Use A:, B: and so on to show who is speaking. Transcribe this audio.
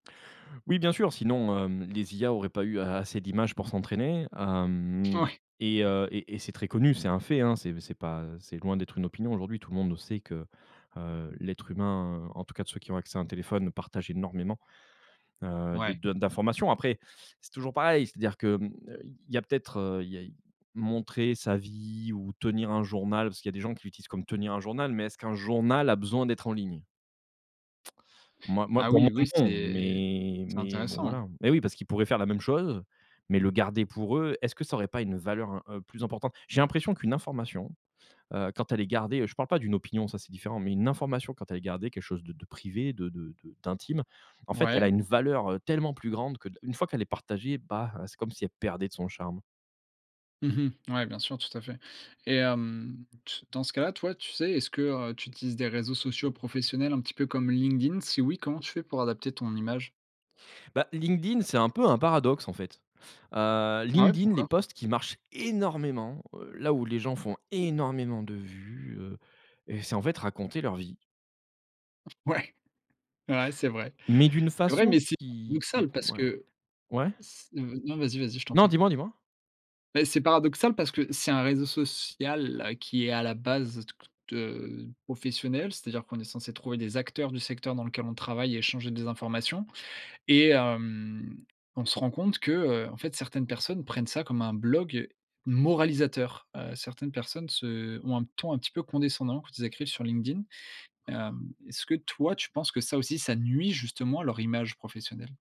A: Oui bien sûr sinon, hem, les IA auraient pas eu a assez d'images pour s'entraîner hem,
B: Ouais.
A: et heu et et c'est très connu, c'est un fait, hein, c'est c'est pas, heu, c'est loin d'être une opinion aujourd'hui, tout le monde sait que, heu, l'être humain, heu, en tout cas de ceux qui ont accès à un téléphone, partagent énormément, heu, de
B: Ouais.
A: de d'informations. Après c'est toujours pareil, c'est-à-dire que hem, il y a peut-être, heu, il y a montrer sa vie ou tenir un journal- parce qu'il y a des gens qui l'utilisent comme tenir un journal- mais est-ce qu'un journal a besoin d'être en ligne? Moi moi
B: Ah
A: pour
B: oui
A: moi
B: oui
A: non,
B: c'est
A: mais
B: c'est
A: mais bon,
B: intéressant,
A: voilà,
B: hein.
A: hein. Mais oui, parce qu'ils pourraient faire la même chose mais le garder pour eux. Est-ce que ça aurait pas une valeur, heu, plus importante? J'ai l'impression qu'une information, heu, quand elle est gardée, heu- je parle pas d'une opinion ça c'est différent- mais une information, quand elle est gardée, quelque chose de de privé, de de de d'intime, en fait elle a
B: Ouais.
A: une valeur, heu, tellement plus grande que de une fois qu'elle est partagée bah heu, c'est comme si elle perdait de son charme.
B: Mmh mh. Ouais bien sûr, tout à fait. Et hem, t dans ce cas là, toi tu sais, est-ce que, heu, tu utilises des réseaux sociaux professionnels un petit peu comme LinkedIn? Si oui, comment tu fais pour adapter ton image?
A: Bah LinkedIn c'est un peu un paradoxe, en fait. Heu,
B: Ah ouais,
A: LinkedIn les
B: pourquoi?
A: posts qui marchent énormément, heu, là où les gens font énormément de vues, heu, c'est en fait raconter leur vie.
B: Ouais! Ouais, c'est vrai.
A: Mais d'une
B: C'est vrai,
A: façon
B: mais c'est
A: qui qui
B: paradoxal parce
A: ouais.
B: que
A: Ouais?
B: c heu, non, vas y, vas y, je t'en
A: Non
B: prie.
A: dis-moi, dis-moi.
B: Beh c'est paradoxal parce que c'est un réseau social qui est à la base, heu, toute, heu, professionnel, c'est à dire qu'on est censé trouver des acteurs du secteur dans lequel on travaille et échanger des informations, et hem, on se rend compte que, heu, en fait certaines personnes prennent ça comme un blog moralisateur. Heu, certaines personnes se ont un ton un petit peu condescendant quand ils écrivent sur LinkedIn. Hem, est-ce que toi tu penses que ça aussi, ça nuit justement à leur image professionnelle?